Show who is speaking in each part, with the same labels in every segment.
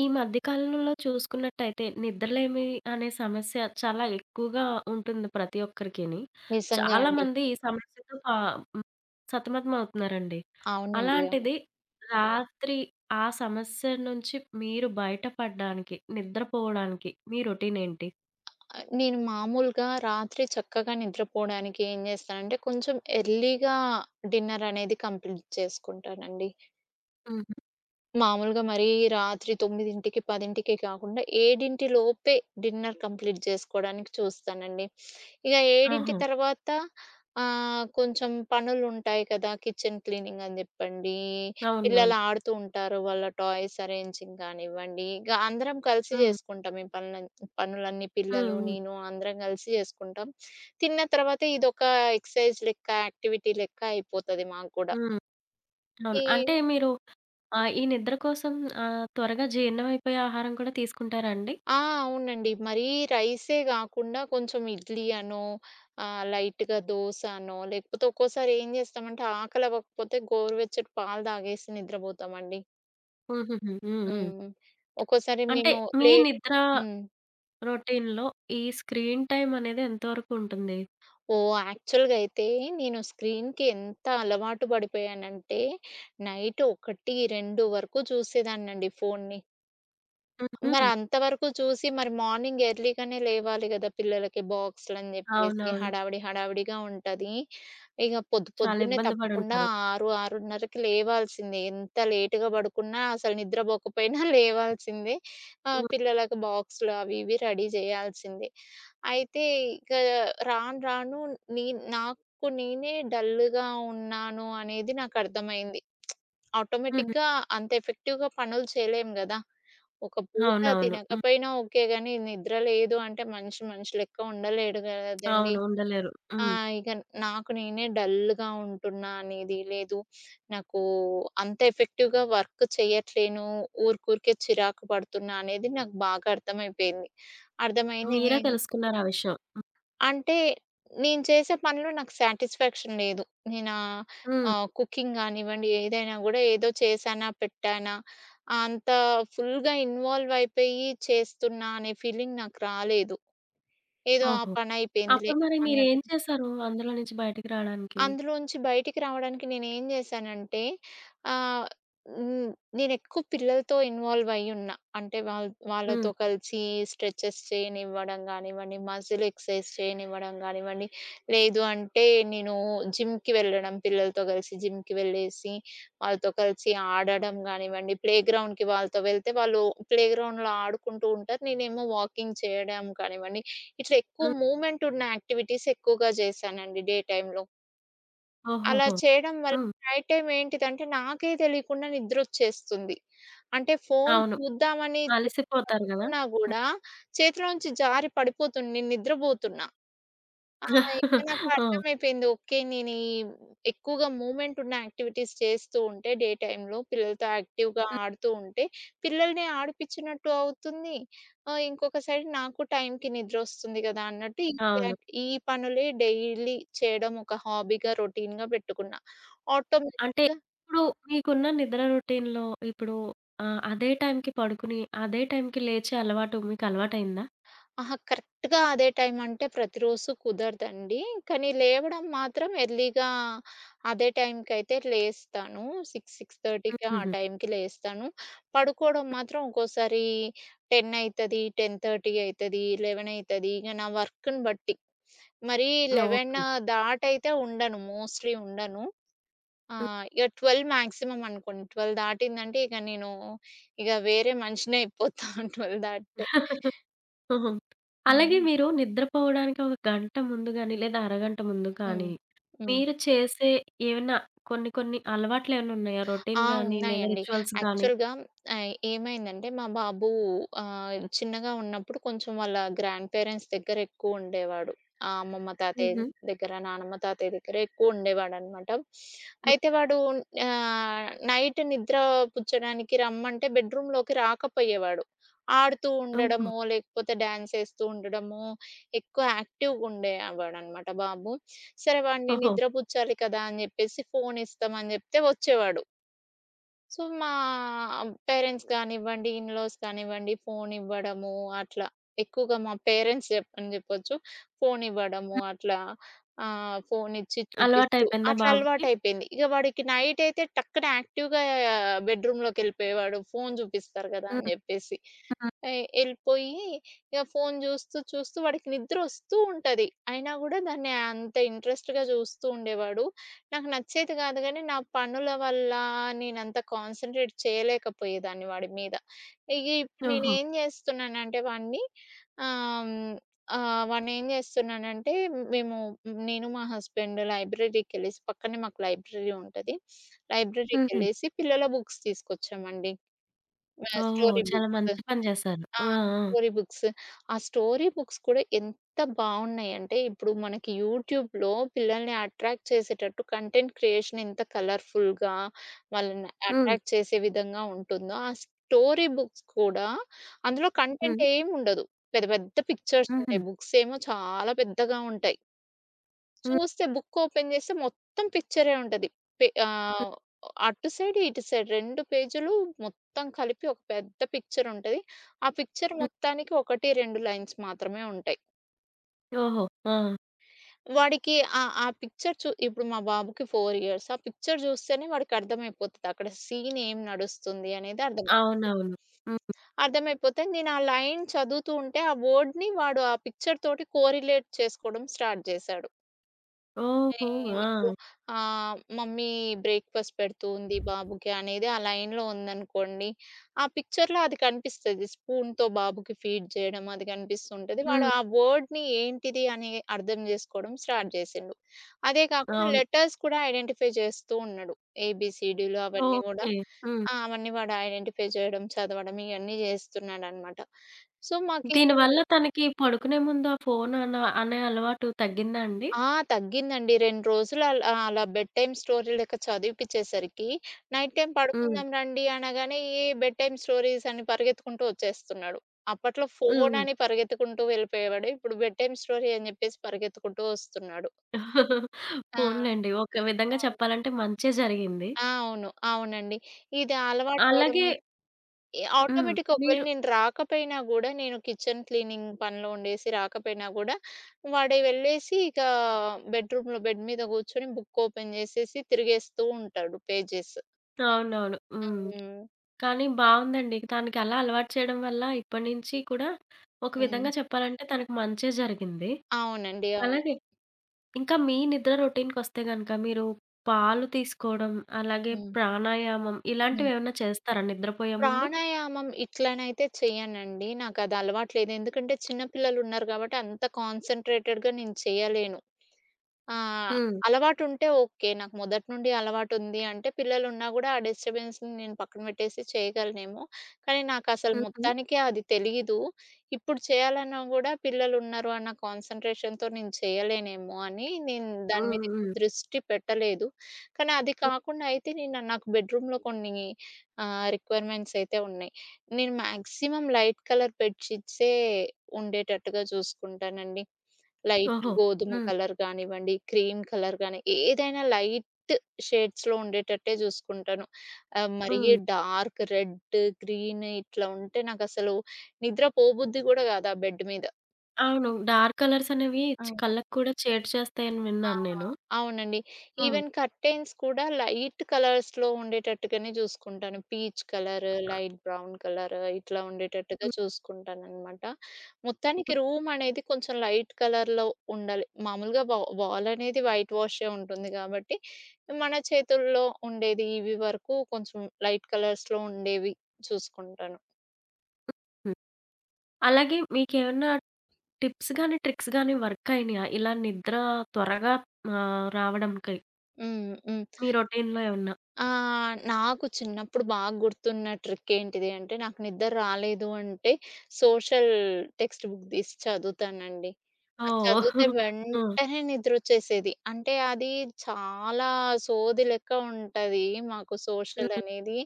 Speaker 1: ఈ మధ్య కాలంలో చూసుకున్నట్టయితే నిద్రలేమి అనే సమస్య చాలా ఎక్కువగా ఉంటుంది ప్రతి ఒక్కరికిని.
Speaker 2: నిజంగా అండి.
Speaker 1: చాలామంది ఈ సమస్యతో పా హ్మ్. సతమతమవుతున్నారండి.
Speaker 2: అవునండి. అవును.
Speaker 1: అలాంటిది, రాత్రి ఆ సమస్య నుంచి మీరు బయటపడడనికి నిద్రపోవడానికి మీ రొటీనేంటి?
Speaker 2: ఆహ్, నేను మామూలుగా రాత్రి చక్కగా నిద్రపోవడానికేం జేస్తానంటే, కొంచెం ఎర్లీగా డిన్నర్ అనేది కంప్లీట్ చేసుకుంటానండి.
Speaker 1: హుహు.
Speaker 2: మామూలుగా మరీ రాత్రి 9కి, 10కి కాకుండా ఏడింటిలోపే డిన్నర్ కంప్లీట్ చేసుకోవడానికి చూస్తానండి. ఇగ ఏడింటి
Speaker 1: ఓహో!
Speaker 2: తర్వాత ఆహ్, కొంచెం పనులుంటాయి కదా! కిచెన్ క్లీనింగ్ అని జెప్పండి,
Speaker 1: అవునవును.
Speaker 2: పిల్లలు ఆడుతూ ఉంటారు, వాళ్ళ టాయ్స్ అరేంజింగ్ కానివ్వండి, ఇక అందరం కలిసి
Speaker 1: హ్మ్.
Speaker 2: జేసుకుంటాం. ఈ పనులన్ పనులన్నీ
Speaker 1: హ్మ్.
Speaker 2: పిల్లలు,
Speaker 1: హ్మ్.
Speaker 2: నేను అందరం కలిసి చేసుకుంటాం. తిన్న తర్వాత ఇదొక ఎక్సర్‌సైజ్ లెక్క, యాక్టివిటీ లెక్క అయిపోతది మాకు కూడా.
Speaker 1: హ్మ్. అవును.
Speaker 2: ఈ
Speaker 1: అంటే మీరు ఆహ్, ఈ నిద్ర కోసం ఆహ్, త్వరగా జీర్ణమైపోయే ఆహారం కూడా తీసుకుంటారా అండి?
Speaker 2: ఆ! అవునండి. మరీ రైసే గాకుండా కొంచెం ఇడ్లీ అనో, ఆహ్, లైట్‌గా దోస అనో, లేకపోతే ఒక్కోసారేం జేస్తామంటే ఆకలి అవ్వకపోతే గోరువెచ్చట పాలు తాగేసి నిద్రపోతామండి.
Speaker 1: హుహుహు. హ్మ్. హ్మ్.
Speaker 2: హ్మ్. ఒక్కోసారి
Speaker 1: అంటే
Speaker 2: మేము
Speaker 1: మీ
Speaker 2: లేట్
Speaker 1: నిద్ర
Speaker 2: హ్మ్.
Speaker 1: రొటీన్‌లొ ఈ స్క్రీన్ టైమ్ అనేది ఎంతవరకు ఉంటుంది?
Speaker 2: ఓహ్! యాక్చువల్‌గా అయితే నేను స్క్రీన్‌కి ఎంత అలవాటు పడిపోయానంటే నైట్ 1, 2 వరకు చూసేదాన్నండి ఫోన్ని. మరి
Speaker 1: హుహు.
Speaker 2: అంతవరకు చూసి. మరి మార్నింగ్ ఎర్లీ గానే లేవాలి గదా! పిల్లలకి బాక్స్‌లు అని జెప్పేసి
Speaker 1: అవునవును.
Speaker 2: హడావిడి, హడావిడిగా ఉంటది. ఇక పొద్దు
Speaker 1: చాలా
Speaker 2: పొద్దున్నే
Speaker 1: ఇబ్బంది
Speaker 2: తప్పకుండా
Speaker 1: పడుంటారు.
Speaker 2: 6, 6:30కి లేవాల్సిందే. ఎంత లేట్‌గా పడుకున్నా. అసలు నిద్రపోకపోయినా లేవాల్సిందే. ఆహ్,
Speaker 1: హ్మ్.
Speaker 2: పిల్లలకి బాక్స్‌లు అవి ఇవి రెడీ చేయాల్సిందే. అయితే ఇక రాను రాను. నేను నాకు నేనే డల్లుగా ఉన్నాను అనేది నాకు అర్థమైంది.
Speaker 1: హుహు.
Speaker 2: ఆటోమేటిక్‌గా అంత ఎఫెక్టివ్‌గా పనులు చేయలేము గదా! ఒక పూట
Speaker 1: అవునవును. హ్మ్.
Speaker 2: తినకపోయినా ఓకే గానీ నిద్ర లేదు అంటే మనిషి, మనిషి లెక్క ఉండలేడు గదండీ.
Speaker 1: అవును ఉండలేరు.
Speaker 2: ఆ!
Speaker 1: హ్మ్.
Speaker 2: ఇగ నాకు నేనే డల్‌గా ఉంటున్నా అనేది లేదు. నాకు అంత ఎఫెక్టివ్‌గా వర్క్ చేయట్లేను. ఊరికూరికే చిరాకు పడుతున్నా అనేది నాకు బాగా అర్థమైపోయింది. అర్థమైంది
Speaker 1: మీరే
Speaker 2: నేను...
Speaker 1: తెలుసుకున్నారు ఆ విషయం? హ్మ్.
Speaker 2: అంటే నేను చేసే పనిలో నాకు సాటిస్ఫాక్షన్ లేదు. నేనా ఆహ్,
Speaker 1: హ్మ్.
Speaker 2: ఆహ్, కుకింగ్ కానివ్వండి. ఏదైనా కూడా ఏదో చేశానా పెట్టానా. అంత ఫుల్‌గా ఇన్వాల్వ్ అయిపోయి చేస్తున్నా అనే ఫీలింగ్ నాకు రాలేదు. ఏదో ఆ
Speaker 1: ఓహో!
Speaker 2: పనయిపోయిందిలే
Speaker 1: అప్పుడు మరి మీరు ఏం
Speaker 2: అన్నట్టు.
Speaker 1: చేశారు? అందులో నుంచి బయటికి రావడానికి?
Speaker 2: అందులోంచి బయటికి రావడానికి నేనుం జేశానంటే ఆహ్, హ్మ్. నేను ఎక్కువ పిల్లలతో ఇన్వాల్వ్ అయ్యున్నా. అంటే వాళ్ వాళ్ళతో
Speaker 1: హ్మ్.
Speaker 2: కలిసి స్ట్రెచెస్ చేయనివ్వడం కానివ్వండి, మసిల్ ఎక్సర్సైజ్ చేయనివ్వడం గానివ్వండి. లేదు అంటే నేను జిమ్‌కి వెళ్ళడం పిల్లలతో గలిసి జిమ్‌కి వెళ్ళేసి, వాళ్ళతో కలిసి ఆడడం గానివ్వండి, ప్లేగ్రౌండ్‌కి వాళ్ళతో వెళ్తే. వాళ్ళు ప్లేగ్రౌండ్‌లొ ఆడుకుంటూ ఉంటారు. నేనేమో వాకింగ్ చేయడం కానివ్వండి. ఇట్లా ఎక్కువ
Speaker 1: హ్మ్.
Speaker 2: మూవ్మెంట్ ఉన్న యాక్టివిటీస్ ఎక్కువగా జేశానండి. డే టైమ్‌లొ. అలా
Speaker 1: ఓహోహో!
Speaker 2: చేయడం వల్ల
Speaker 1: హ్మ్.
Speaker 2: నైట్ టైమ్ ఏంటిదంటే నాకే తెలియకుండా నిద్రొచ్చేస్తుంది. అంటే, ఫోను
Speaker 1: అవును.
Speaker 2: చూద్దామని
Speaker 1: అలసిపోతారు గదా!
Speaker 2: పట్టుకున్న
Speaker 1: హ్మ్.
Speaker 2: కూడా చేతిలోంచి జారి పడిపోతుంది. నేను నిద్రపోతున్నా. ఆ! ఇంకా
Speaker 1: ఆ!
Speaker 2: నాకర్థమైపోయింది. ఓకే నేను ఈ ఎక్కువగా మూవ్మెంట్ ఉన్న యాక్టివిటీస్ చేస్తూ ఉంటే, డే టైంలో పిల్లలతో యాక్టివ్‌గా
Speaker 1: హ్మ్.
Speaker 2: ఆడుతూ ఉంటే, పిల్లల్ని ఆడిపిచ్చినట్టు అవుతుంది. ఆహ్, ఇంకొక సైడ్ నాకు టైంకి నిద్రొస్తుంది గదా! అన్నట్టు ఈ యా
Speaker 1: అవును.
Speaker 2: ఈ పనులే డైలీ చేయడం ఒక హాబీగా, రొటీన్‌గా పెట్టుకున్నా.
Speaker 1: అంటే,
Speaker 2: ఆటోమేటిక్‌గా
Speaker 1: ఇప్పుడు మీకున్న నిద్ర రొటీన్‌లో ఇప్పుడు ఆహ్, అదే టైంకి పడుకుని అదే టైంకి లేచే అలవాటు మీకలవాటయిందా?
Speaker 2: అహా! కరెక్ట్‌గా అదే టైం అంటే, ప్రతిరోజు కుదరదండి. కానీ లేవడం మాత్రం ఎర్లీగా అదే టైంకయితే లేస్తాను. 6, 6:30కి ఆ
Speaker 1: హుహుహు.
Speaker 2: టైంకి లేస్తాను. పడుకోవడం మాత్రం ఒక్కోసారి 10 అయితది, 10:30 అయితది. 11 అయితది. ఇగ నా వర్క్‌ని బట్టి. మరి 11
Speaker 1: ఓకే.
Speaker 2: దాటైతే అయితే ఉండను, మోస్ట్లీ ఉండను.
Speaker 1: హ్మ్.
Speaker 2: ఆహ్, ఇగ 12 మాక్సిమమ్ అనుకోండి. 12 దాటిందంటే ఇగ నేను ఇగ వేరే మనిషినయిపోతా 12 దాటితే.
Speaker 1: ఓహో! అలాగే
Speaker 2: హ్మ్.
Speaker 1: మీరు నిద్రపోవడానికి ఒక గంట ముందు గానీ, లేదా అరగంట ముందు
Speaker 2: హ్మ్.
Speaker 1: కానీ
Speaker 2: హ్మ్.
Speaker 1: మీరు చేసే ఏమన్నా కొన్ని కొన్ని అలవాట్లేమన్నా ఉన్నాయా?
Speaker 2: ఆ!
Speaker 1: రొటీన్ గానీ లేదా
Speaker 2: ఉన్నాయండి.
Speaker 1: రిచ్యువల్స్ గాని?
Speaker 2: యాక్చువల్‌గా ఆహ్, ఏమైందంటే, మా బాబు ఆహ్, చిన్నగా ఉన్నప్పుడు కొంచెం వాళ్ళ గ్రాండ్ పేరెంట్స్ దగ్గరెక్కువ ఉండేవాడు. ఆహ్, అమ్మమ్మ తాతయ్య
Speaker 1: హుహు.
Speaker 2: దగ్గర, నానమ్మ, తాతయ్య దగ్గర ఎక్కువ ఉండేవాడనమాట.
Speaker 1: హ్మ్.
Speaker 2: అయితే వాడు ఆహ్, నైట్ నిద్ర పుచ్చడానికి రమ్మంటే బెడ్రూమ్‌లోకి రాకపోయేవాడు. ఆడుతూ
Speaker 1: ఓహో!
Speaker 2: ఉండడమో, లేకపోతే డ్యాన్స్ చేస్తూ ఉండడమో ఎక్కువ యాక్టివ్‌గా ఉండేవాడనమాట బాబు. సరే వాడిని
Speaker 1: ఓహో!
Speaker 2: నిద్ర పుచ్చాలి కదా! అని జెప్పేసి ఫోనిస్తాం అని చెప్తే వచ్చేవాడు. సో, మా పేరెంట్స్ గానివ్వండి, ఇన్‌లాస్ కానివ్వండి ఫోనివ్వడము అట్లా, ఎక్కువగా మా పేరెంట్స్ చెప్ప అని చెప్పొచ్చు ఫోనివ్వడము
Speaker 1: హ్మ్.
Speaker 2: అట్లా ఆహ్, ఫోనిచ్చి చూపిస్తూ
Speaker 1: అలవాటైపోయిందా
Speaker 2: అట్లా
Speaker 1: బాబుకి?
Speaker 2: అలవాటైపోయింది. ఇక వాడికి నైటయితే టక్కన యాక్టివ్‌గా బెడ్‌రూమ్‌లోకెళ్ళిపోయేవాడు ఫోను చూపిస్తారు కదా అని
Speaker 1: హ్మ్.
Speaker 2: చెప్పేసి.
Speaker 1: హ్మ్.
Speaker 2: ఎ ఎళ్ళిపోయి ఇక ఫోను చూస్తూ, చూస్తూ వాడికి నిద్రొస్తూ ఉంటది, అయినా కూడా దాన్ని అంత ఇంట్రెస్ట్‌గా చూస్తూ ఉండేవాడు. నాకు నచ్చేది కాదు కానీ, నా పనుల వల్ల నేనంత కాన్సంట్రేట్ చేయలేకపోయేదాన్ని వాడి మీద. ఇగ ఇప్పుడు
Speaker 1: ఓహో!
Speaker 2: నేనేం చేస్తున్నానంటే వాడిని ఆహ్, హ్మ్ ఆహ్, వాన్నేం చేస్తున్నానంటే మేము నేను, మా హస్బెండు లైబ్రరీకెళ్ళెసి పక్కనే మాకు లైబ్రరీ ఉంటది.
Speaker 1: హుహు.
Speaker 2: లైబ్రరీకెళ్ళేసి పిల్లల బుక్స్ తీసుకొచ్చామండి. ఆ!
Speaker 1: ఓహో!
Speaker 2: స్టోరీ
Speaker 1: చాలా
Speaker 2: బుక్సు.
Speaker 1: మంచి పని చేశారు.
Speaker 2: ఆ!
Speaker 1: ఆ! ఆ!
Speaker 2: Story books. ఆ స్టోరీ బుక్స్ కూడా ఎంత బాగున్నాయంటే, ఇప్పుడు మనకి యూట్యూబ్‌లో పిల్లల్ని అట్రాక్ట్ చేసేటట్టు కంటెంట్ క్రియేషన్ ఎంత కలర్‌ఫుల్‌గా, వాళ్ళని
Speaker 1: హ్మ్.
Speaker 2: అట్రాక్ట్ చేసే విధంగా ఉంటుందో, ఆ స్టోరీ బుక్స్ కూడా, అందులో
Speaker 1: హ్మ్.
Speaker 2: కంటెంటేముండదు. పెద్ద, పెద్ద పిక్చర్సుంటాయి.
Speaker 1: హుహు.
Speaker 2: బుక్స్ ఏమో చాలా పెద్దగా ఉంటాయి.
Speaker 1: హ్మ్.
Speaker 2: చూస్తే, బుక్ ఓపెన్ చేస్తే మొత్తం పిక్చరే ఉంటది. పె
Speaker 1: హ్మ్.
Speaker 2: ఆహ్, అటు సైడ్, ఇటు సైడ్ 2 పేజీలు మొత్తం కలిపి ఒక పెద్ద పిక్చరుంటది. ఆ పిక్చర్
Speaker 1: హ్మ్.
Speaker 2: మొత్తానికి 1, 2 లైన్స్ మాత్రమే ఉంటాయి.
Speaker 1: ఓహో! ఆ!
Speaker 2: వాడికి ఆహ్, ఆ పిక్చర్ చూ ఇప్పుడు మా బాబుకి 4 ఇయర్స్. ఆ పిక్చర్ జూస్తేనే వాడికర్థమైపోతది. అక్కడ సీన్ ఏం నడుస్తుంది అనేదర్థమవుతుంది.
Speaker 1: అవునవును. హ్మ్, హ్మ్.
Speaker 2: అర్థమైపోతే నేను ఆ లైన్ చదువుతూ ఉంటే, ఆ వర్డ్‌ని వాడు ఆ పిక్చర్ తోటి కోరిలేట్ చేసుకోవడం స్టార్ట్ జేశాడు.
Speaker 1: ఓహో!
Speaker 2: నేను ఇప్పుడు
Speaker 1: ఆ!
Speaker 2: ఆహ్, మమ్మీ బ్రేక్ఫాస్ట్ పెడుతూ ఉంది బాబుకి అనేది ఆ లైన్‌లో ఉందనుకోండి. ఆ పిక్చర్‌లో అది కనిపిస్తది. స్పూన్‌తో బాబుకి ఫీడ్ చేయడం. అది కనిపిస్తూ ఉంటది. వాడు
Speaker 1: హ్మ్.
Speaker 2: ఆ వర్డ్‌ని ఏంటిది అని అర్థం జేసుకోవడం స్టార్ట్ జేసిండు. అదే కాకుండా
Speaker 1: అవును.
Speaker 2: లెటర్స్ కూడా ఐడెంటిఫై జేస్తూ ఉన్నాడు. ఏబీసీడిలు అవన్నీ కూడా.
Speaker 1: ఓకెే. హ్మ్.
Speaker 2: ఆ అవన్నీ వాడు ఐడెంటిఫై చేయడం, చదవడం ఇయన్నీ జేస్తున్నాడనమాట. సో, మాకిది
Speaker 1: దీనివల్ల తనకి పడుకునే ముందు ఆ ఫోను అన అనే అలవాటు తగ్గిందా అండి?
Speaker 2: ఆ! తగ్గిందండి. 2 రోజులు అలా అలా బెడ్ టైమ్ స్టోరీ లెక్క చదివిపచ్చేసరికి. నైట్ టైమ్
Speaker 1: హ్మ్.
Speaker 2: పడుకుందాం రండి అనగానే. ఏ బెడ్ టైమ్ స్టోరీస్ అని పరిగెత్తుకుంటూ వచ్చేస్తున్నాడు. అప్పట్లో ఫోను
Speaker 1: హుహు.
Speaker 2: అని పరిగెత్తుకుంటూ వెళ్ళిపోయేవాడు. ఇప్పుడు బెడ్ టైమ్ స్టోరీ అని జెప్పేసి పరిగెత్తుకుంటూ వస్తున్నాడు. ఆ!
Speaker 1: పోనిలెండి. ఒక విధంగా
Speaker 2: అవును.
Speaker 1: చెప్పాలంటే మంచే జరిగింది.
Speaker 2: ఆ! అవును. అవునండి. ఇది అలవాటు
Speaker 1: అలాగే
Speaker 2: అవ్వడమై ఈ
Speaker 1: హ్మ్.
Speaker 2: ఆటోమేటిక్‌గా ఒకవేళ
Speaker 1: మీరు
Speaker 2: నేను రాకపోయినా కూడా, నేను కిచెన్ క్లీనింగ్ పనిలో ఉండేసి రాకపోయినా గూడా, వాాడే వెళ్ళేసి ఇకా బెడ్రూమ్‌లో, బెడ్ మీద కూర్చొని బుక్ ఓపెన్ జేసేసి తిరిగేస్తూ ఉంటాడు. పేజెస్.
Speaker 1: అవునవును. హ్మ్.
Speaker 2: హ్మ్.
Speaker 1: కానీ బావుందండి. తనకలా అలవాటు చేయడం వల్ల ఇప్పడి నుంచి కూడా ఒక విధంగా
Speaker 2: హ్మ్.
Speaker 1: చెప్పాలంటే తనకు మంచే జరిగింది.
Speaker 2: అవునండి. అవును.
Speaker 1: అలాగే ఇంకా మీ నిద్ర రొటీన్‌కొస్తే గనుక మీరు పాలు తీసుకోవడం అలాగే
Speaker 2: హ్మ్.
Speaker 1: ప్రాణాయామం
Speaker 2: హ్మ్.
Speaker 1: ఇలాంటివేమన్నా చేస్తారా నిద్రపోయే ముందు?
Speaker 2: ప్రాణాయామం ఇట్లనైతే చేయనండి. నాకది అలవాటు లేదు. ఎందుకంటే చిన్న పిల్లలున్నారు కాబట్టి అంత కాన్సంట్రేటెడ్‌గా నేను చేయలేను. ఆ!
Speaker 1: హ్మ్.
Speaker 2: అలవాటుంటే ఓకే. నాకు మొదటి నుండి అలవాటుంది అంటే పిల్లలున్నా కూడా ఆ డిస్టర్బెన్స్‌ని నేను పక్కన పెట్టేసి చేయగలనేమో. కానీ నాకసలు
Speaker 1: హుహు.
Speaker 2: మొత్తానికే అది తెలీదు. ఇప్పుడు చేయాలన్నా గూడా పిల్లలున్నారు అన్న కాన్సంట్రేషన్‌తో నేను చేయలేనేమో అని నేను దాని మీద
Speaker 1: హ్మ్.
Speaker 2: ఎక్కువ
Speaker 1: హ్మ్.
Speaker 2: దృష్టి పెట్టలేదు. కానీ అది
Speaker 1: హ్.
Speaker 2: కాకుండా అయితే నేను నాకు బెడ్రూమ్‌లో కొన్ని ఆహ్, రిక్వైర్మెంట్స్ అయితే ఉన్నాయి. నేను మాక్సిమం లైట్ కలర్ బెడ్ షీట్సే ఉండేటట్టుగా చూసుకుంటానండి. లైట్
Speaker 1: ఓహో!
Speaker 2: గోధుమ
Speaker 1: హ్మ్.
Speaker 2: కలర్ కానివ్వండి, క్రీమ్ కలర్ కాని ఏదైనా లైట్ షేడ్స్‌లో ఉండేటట్టే చూసుకుంటాను. ఆహ్, మరి
Speaker 1: హ్మ్.
Speaker 2: డార్క్ రెడ్, గ్రీన్ ఇట్లా ఉంటే నాకసలు నిద్ర పోబుద్ధి కూడా గాదా బెడ్ మీద.
Speaker 1: అవును. డార్క్ కలర్స్ అనేవి చ్
Speaker 2: ఆ!
Speaker 1: కళ్ళకి కూడా చేటు చేస్తాయని
Speaker 2: ఆ!
Speaker 1: విన్నాను
Speaker 2: ఆ!
Speaker 1: నేను.
Speaker 2: అవునండి.
Speaker 1: ఆ!
Speaker 2: ఈవెన్ కర్టైన్స్ కూడా లైట్ కలర్స్‌లో ఉండేటట్టుగానే చూసుకుంటాను. Peach colour, light brown colour ఇట్లా ఉండేటట్టుగా
Speaker 1: హ్మ్.
Speaker 2: చూసుకుంటాననమాట.
Speaker 1: హ్మ్.
Speaker 2: మొత్తానికి రూమ్ అనేది కొంచెం లైట్ కలర్‌లో ఉండాలి. మామూలుగా వా వాలనేది వైట్ వాషే ఉంటుంది గాబట్టి, మన చేతుల్లో ఉండేది ఇవి వరకు కొంచెం లైట్ కలర్స్‌లో ఉండేవి చూసుకుంటాను.
Speaker 1: హ్మ్. హ్మ్. అలాగే మీకేమన్నా టిప్స్ గాని, ట్రిక్స్ గాని వర్క్ అయినియా? ఇలా నిద్ర త్వరగా ఆహ్, రావడంకి.
Speaker 2: హ్మ్. హ్మ్.
Speaker 1: మీ రొటీన్‌లో ఏమన్నా?
Speaker 2: ఆ! నాకు చిన్నప్పుడు బాగా గుర్తున్న ట్రికేంటిది అంటే, నాకు నిద్ర రాలేదు అంటే సోషల్ టెక్స్ట్ బుక్ దీసి చదువుతానండి. అది
Speaker 1: ఓహ్!
Speaker 2: చదువితే
Speaker 1: హ్మ్.
Speaker 2: వెంటనే నిద్రొచ్చేసేది. అంటే, అది చాలా సోది లెక్క ఉంటది మాకు
Speaker 1: హ్మ్,
Speaker 2: సోషల్
Speaker 1: హ్మ్.
Speaker 2: అనేది.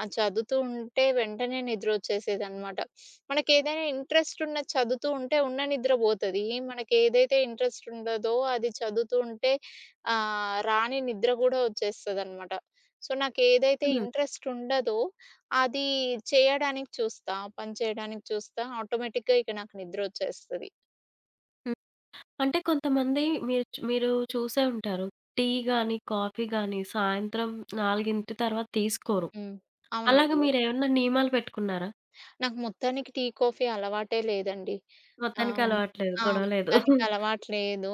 Speaker 2: అది చదువుతూ ఉంటే వెంటనే నిద్రొచ్చేసేదనమాట. మనకేదైనా ఇంట్రెస్ట్ ఉన్నది చదువుతూ ఉంటే, ఉన్న నిద్ర బోతది. మనకేదైతే ఇంట్రెస్ట్ ఉండదో అది చదువుతూ ఉంటే ఆహ్, రాని నిద్ర గూడా వచ్చేస్తదనమాట. సో, నాకేదైతే
Speaker 1: హ్మ్.
Speaker 2: ఇంట్రెస్ట్ ఉండదో అది చేయడానికి చూస్తా. ఆ పని చేయడానికి చూస్తా. ఆటోమేటిక్‌గా ఇక నాకు నిద్రొచ్చేస్తది.
Speaker 1: హ్మ్. అంటే, కొంతమంది మీరు చ్ మీరు చూసే ఉంటారు. టీ గాని, కాఫీ గాని సాయంత్రం
Speaker 2: హ్మ్.
Speaker 1: 4 తర్వాత తీసుకోరు.
Speaker 2: హ్మ్.
Speaker 1: అలాగ
Speaker 2: అవునండి.
Speaker 1: మీరేమన్నా నియమాలు పెట్టుకున్నారా?
Speaker 2: నాకు మొత్తానికి టీ, కాఫీ అలవాటే లేదండి.
Speaker 1: మొత్తానికి
Speaker 2: అవును.
Speaker 1: అలవాట్లేదు.
Speaker 2: ఆ!
Speaker 1: గొడవలేదు.
Speaker 2: దానికలవాటు లేదు.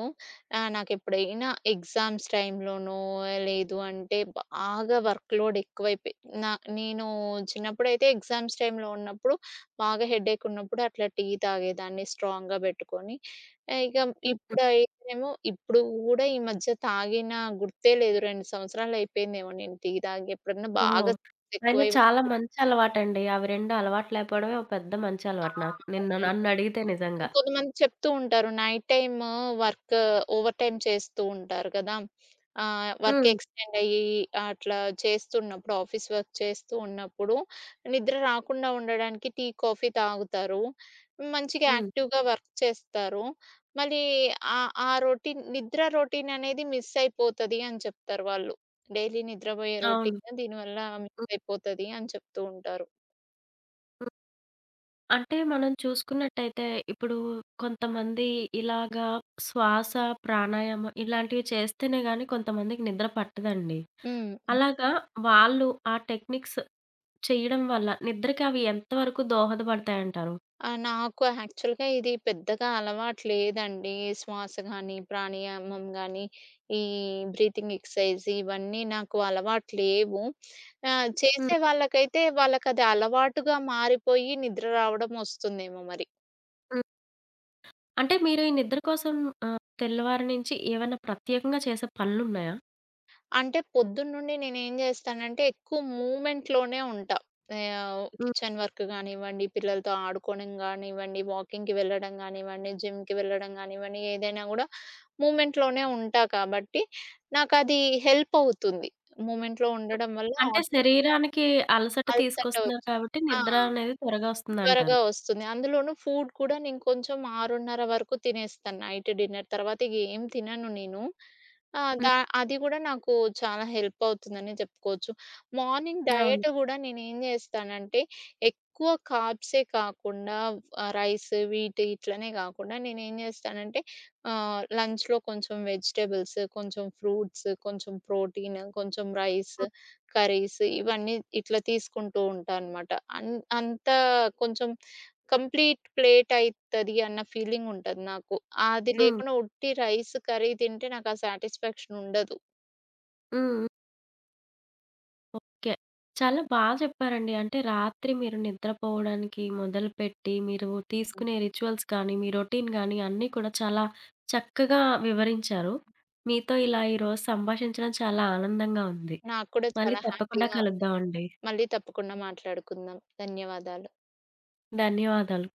Speaker 2: ఆహ్, నాకెప్పుడైనా ఎగ్జామ్స్ టైంలోనో, లేదు అంటే, బాగా వర్క్‌లోడ్ ఎక్కువైపోయి నా నేను చిన్నప్పుడైతే ఎగ్జామ్స్ టైంలో ఉన్నప్పుడు బాగా హెడ్‌యెక్ ఉన్నప్పుడు అట్లా టీ తాగేదాన్ని స్ట్రాంగ్‌గా పెట్టుకొని. ఆహ్, ఇక
Speaker 1: హుహు.
Speaker 2: ఇప్పుడైతే ఏమో ఇప్పుడు గూడా ఈ మధ్య తాగిన గుర్తే లేదు, 2 సంవత్సరాలైపోయిందేమో నేను టీ తాగి, ఎప్పుడన్నా
Speaker 1: ఓహ్!
Speaker 2: బాగా స్ట్రెస్
Speaker 1: అయినా
Speaker 2: ఎక్కువైనప్పుడు
Speaker 1: చాలా మంచలవాటండి. అవి 2 అలవాటు లేకపోవడమే ఒక పెద్ద
Speaker 2: ఆ!
Speaker 1: మంచలవాటు నాకు. నిన్ను
Speaker 2: అవునండి.
Speaker 1: నన్నడిగితే నిజంగా.
Speaker 2: కొంతమంది చెప్తూ ఉంటారు. Night time work over time చేస్తూ ఉంటారు కదా! ఆహ్, వర్క్
Speaker 1: హ్మ్.
Speaker 2: ఎక్స్‌టెండయ్యి అట్లా చేస్తూ ఉన్నప్పుడు ఆఫీస్ వర్క్ చేస్తూ ఉన్నప్పుడు నిద్ర రాకుండా ఉండడానికి టీ, కాఫీ తాగుతారు. మంచిగా
Speaker 1: హ్మ్.
Speaker 2: యాక్టివ్‌గా వర్క్ చేస్తారు. మళ్ళీ ఆహ్, ఆ రొటీన్ నిద్ర రొటీననేది మిసైపోతది అని చెప్తారు వాళ్ళు. డైలీ నిద్రపోయే
Speaker 1: అవును.
Speaker 2: రొటీన్ దీనివల్ల
Speaker 1: హ్మ్.
Speaker 2: మిసైపోతది అని చెప్తూ ఉంటారు.
Speaker 1: హ్మ్. అంటే, మనం చూసుకున్నట్టయితే ఇప్పుడు కొంతమంది ఇలాగా శ్వాస, ప్రాణాయామం ఇలాంటివి చేస్తేనే గానీ, కొంతమందికి నిద్ర పట్టదండి.
Speaker 2: హుహు.
Speaker 1: అలాగా వాళ్ళు ఆ టెక్నిక్స్ చేయడం వల్ల నిద్రకి అవి ఎంత వరకు దోహదపడతాయంటారు?
Speaker 2: ఆహ్, నాకు యాక్చువల్‌గా ఇది పెద్దగా అలవాటు లేదండి. శ్వాస గాని, ప్రాణాయమం గానీ, ఈ బ్రీతింగ్ ఎక్సర్సైజ్ ఇవన్నీ నాకు అలవాటు లేవు. ఆహ్,
Speaker 1: హ్మ్.
Speaker 2: చేసే వాళ్ళకైతే వాళ్ళకది అలవాటుగా మారిపోయి నిద్ర రావడం ఒస్తుందేమో మరి.
Speaker 1: హ్మ్. అంటే, మీరు ఈ నిద్ర కోసం ఆహ్, తెల్లవారి నుంచి ఏవైనా ప్రత్యేకంగా చేసే పనులున్నాయా?
Speaker 2: అంటే, పొద్దున్నుండి నేనేం జేస్తానంటే ఎక్కువ మూమెంట్‌‌లోనే ఉంటా. ఆహ్,
Speaker 1: హ్మ్.
Speaker 2: కిచెన్ వర్క్ గానివ్వండి, పిల్లలతో ఆడుకోడం గానివ్వండి, వాకింగ్‌కి వెళ్ళడం గానివ్వండి, జిమ్‌కి వెళ్ళడం గానివ్వండి, ఏదైనా గూడా మూమెంట్‌‌లోనే ఉంటా కాబట్టి, నాకది హెల్ప్ అవుతుంది. మూమెంట్‌లో
Speaker 1: హ్మ్.
Speaker 2: ఉండడం వల్ల
Speaker 1: అంటే,
Speaker 2: ఆటోమేటిక్‌‌గా
Speaker 1: శరీరానికి అలసట
Speaker 2: అలసట
Speaker 1: తీసుకొస్తున్నారు
Speaker 2: ఒచ్చి
Speaker 1: కాబట్టి,
Speaker 2: ఆ!
Speaker 1: నిద్ర అనేది త్వరగా
Speaker 2: త్వరగా
Speaker 1: వస్తుందంటారు.
Speaker 2: ఒస్తుంది. అందులోను ఫూడ్ కూడా నేను కొంచెం 6:30 వరకు తినేస్తాను. నైట్ డిన్నర్ తర్వాత ఇగేం తినను నేను. ఆహ్,
Speaker 1: హ్మ్.
Speaker 2: దా అది గూడా నాకు చాలా హెల్పవుతుందనే చెప్పుకోవచ్చు. మార్నింగ్
Speaker 1: అవును.
Speaker 2: డైట్ గూడా నేనేం జేస్తానంటే ఎక్కువ కార్బ్స్ కాకుండా, ఆ రైస్ వీటి ఇట్లనే కాకుండా, నేనేం జేస్తానంటే ఆహ్, లంచ్‌లో కొంచెం వెజిటబుల్స్, కొంచెం ఫ్రూట్స్, కొంచెం ప్రోటీన్, కొంచెం రైస్,
Speaker 1: హ్మ్.
Speaker 2: కర్రీస్ ఇవన్నీ ఇట్లా తీసుకుంటూ ఉంటానమాట. అన్ అంతా కొంచెం కంప్లీట్ ప్లేట్ అయితది అన్న ఫీలింగ్ ఉంటది నాకు. ఆహ్, అది
Speaker 1: హ్మ్.
Speaker 2: లేకుండా ఉట్టి రైస్ కర్రీ తింటే నాకు ఆ సాటిస్ఫాక్షనుండదు.
Speaker 1: హ్మ్. ఓకే. చాలా బా చెప్పారండి. అంటే, రాత్రి మీరు నిద్రపోవడానికి మొదలుపెట్టి, మీరు
Speaker 2: ఆ!
Speaker 1: తీసుకునే రిచ్యువల్స్ కానీ, మీ రొటీన్ గాని, అన్నీ కూడా చాలా చక్కగా వివరించారు. మీతో ఇలా ఈరోజు సంభాషించడం చాలా ఆనందంగా ఉంది.
Speaker 2: నాకు కూడా
Speaker 1: మళ్ళీ
Speaker 2: చాలా
Speaker 1: తప్పకుండా
Speaker 2: హ్యాపీగా ఉంది.
Speaker 1: కలుద్దామండి.
Speaker 2: మళ్ళీ తప్పకుండా మాట్లాడుకుందాం. ధన్యవాదాలు.
Speaker 1: ధన్యవాదాలు.